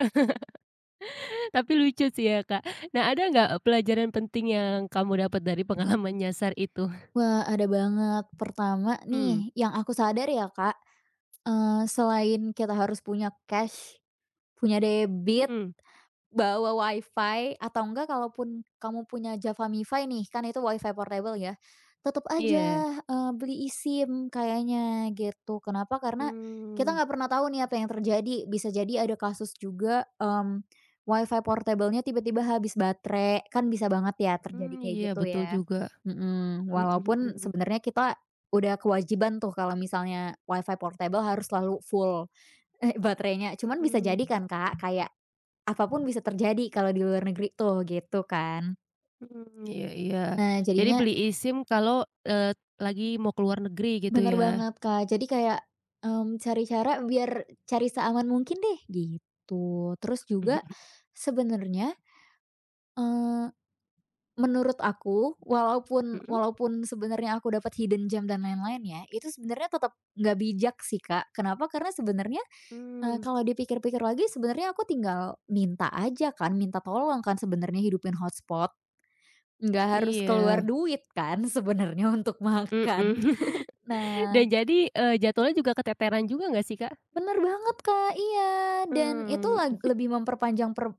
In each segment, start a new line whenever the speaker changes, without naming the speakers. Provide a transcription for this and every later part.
Tapi lucu sih ya, Kak. Nah, ada nggak, pelajaran penting yang kamu dapet dari pengalaman nyasar itu?
Wah, ada banget. Pertama
Mmm.
nih, yang aku sadar ya, Kak, eee, selain kita harus punya cash, punya debit,
Mhm.
bawa Wi-Fi, atau nggak kalaupun kamu punya JavaMifi nih, kan itu Wi-Fi portabel, ya. Tetep
Iya.
aja, eee, beli eSIM, kayaknya, gitu. Kenapa? Karena kita
Mmm.
nggak pernah tahu nih, apa yang terjadi. Bisa jadi ada kasus juga, mmm, Wi-Fi portabelnya tiba-tiba habis baterai, kan bisa banget ya, terjadi
Mmm,
kayak
iya,
gitu,
betul
ya.
juga.
Mhm,
Mhm
walaupun
mhm.
sebenernya kita udah kewajiban tuh, kalau misalnya Wi-Fi portabel harus selalu full, eh, baterainya. Cuman bisa
Mhm.
jadi kan, Kak, kayak apa pun bisa terjadi, kalo di luar negeri tuh, gitu kan.
Mhm, iya iya.
Nah,
Jadi,
jadinya
beli eSIM kalo, eee, lagi mau ke luar negeri, gitu
Bener
ya?
banget, Kak. Jadi kayak, mmm, cari cara biar cari seaman mungkin deh, gitu. Terus juga, sebenernya, eee, menurut aku, walaupun
Mhm?
walaupun sebenernya aku dapet hidden gem dan lain-lainnya, itu sebenernya tetep nggak bijak sih, Kak. Kenapa? Karena sebenernya, eee,
Mmm.
kalo dipikir-pikir lagi, sebenernya aku tinggal minta aja kan, minta tolong kan, sebenernya, hidupin hotspot. Nggak harus keluar
Iya.
duit kan, sebenernya, untuk
Mhm.
makan?
Dan
Nah
jadi, eee, jadwalnya juga keteteran juga, nggak sih, Kak?
Bener banget, Kak. Iya, dan itu
Mmm.
lag lebih memperpanjang per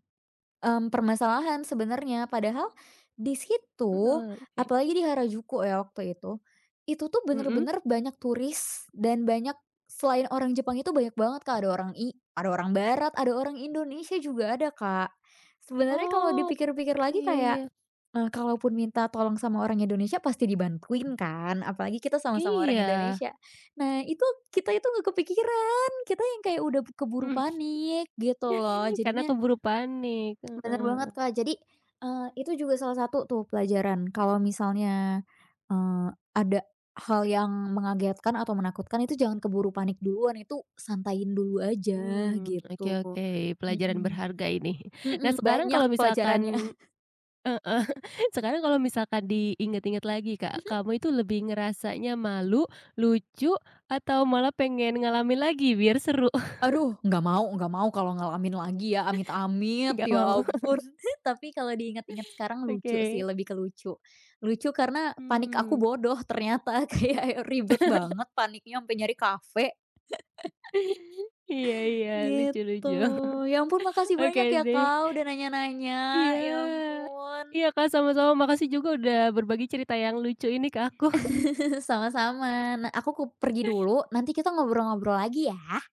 mmm, permasalahan, sebenarnya. Padahal, di situ,
Heeh, oke.
apalagi di Harajuku ya, waktu itu, itu tuh
Mhm.
bener-bener banyak turis dan banyak selain orang Jepang itu banyak banget, Kak. Ada orang i ada orang barat, ada orang Indonesia juga ada, Kak. Sebenernya kalo
Oh.
dipikir-pikir lagi
Iya
kayak,
iya.
eee, kalaupun minta tolong sama orang Indonesia pasti dibantuin, kan? Apalagi kita sama-sama orang
Iya.
Indonesia. Nah, itu kita itu nggak kepikiran! Kita yang kayak udah b keburu panik, gitu lo.
Karena
Jadinya
keburu panik,
Bener
heeh.
banget, Kak. Jadi, eee, itu juga salah satu tuh, pelajaran. Kalo misalnya, eee, ada hal yang mengagetkan atau menakutkan, itu jangan keburu panik duluan. Itu santaiin dulu aja,
Mmm, oke
gitu,
oke, pelajaran
mhm.
berharga, ini. Nah,
Mhm,
sekarang
banyak
kalau
pelajarannya.
misalkan heeh. Sekarang kalau misalkan diingat-ingat lagi, Kak,
Mhm.
kamu itu lebih ngerasanya malu, lucu, atau malah pengen ngalamin lagi, biar seru?
Aduh, nggak mau. Nggak mau kalo ngalamin lagi ya, amit-amit,
Enggak
ya
mau.
ampun. Tapi kalo diinget-inget sekarang, lucu sih.
Oke.
Lebih ke lucu. Lucu karena, panik aku
Hmm.
bodoh ternyata, kayak y ribet banget paniknya, ampe nyari kafe.
Iya iya, lucu
Gitu.
lucu.
Ya ampun, makasih
Oke,
banyak ya,
deh.
Kak, udah nanya-nanya,
Iya.
ya ampun.
Iya, Kak, sama-sama, makasih juga udah berbagi cerita yang lucu ini ke aku.
Sama-sama. Nah, aku kup pergi dulu, nanti kita ngobrol-ngobrol lagi, ya.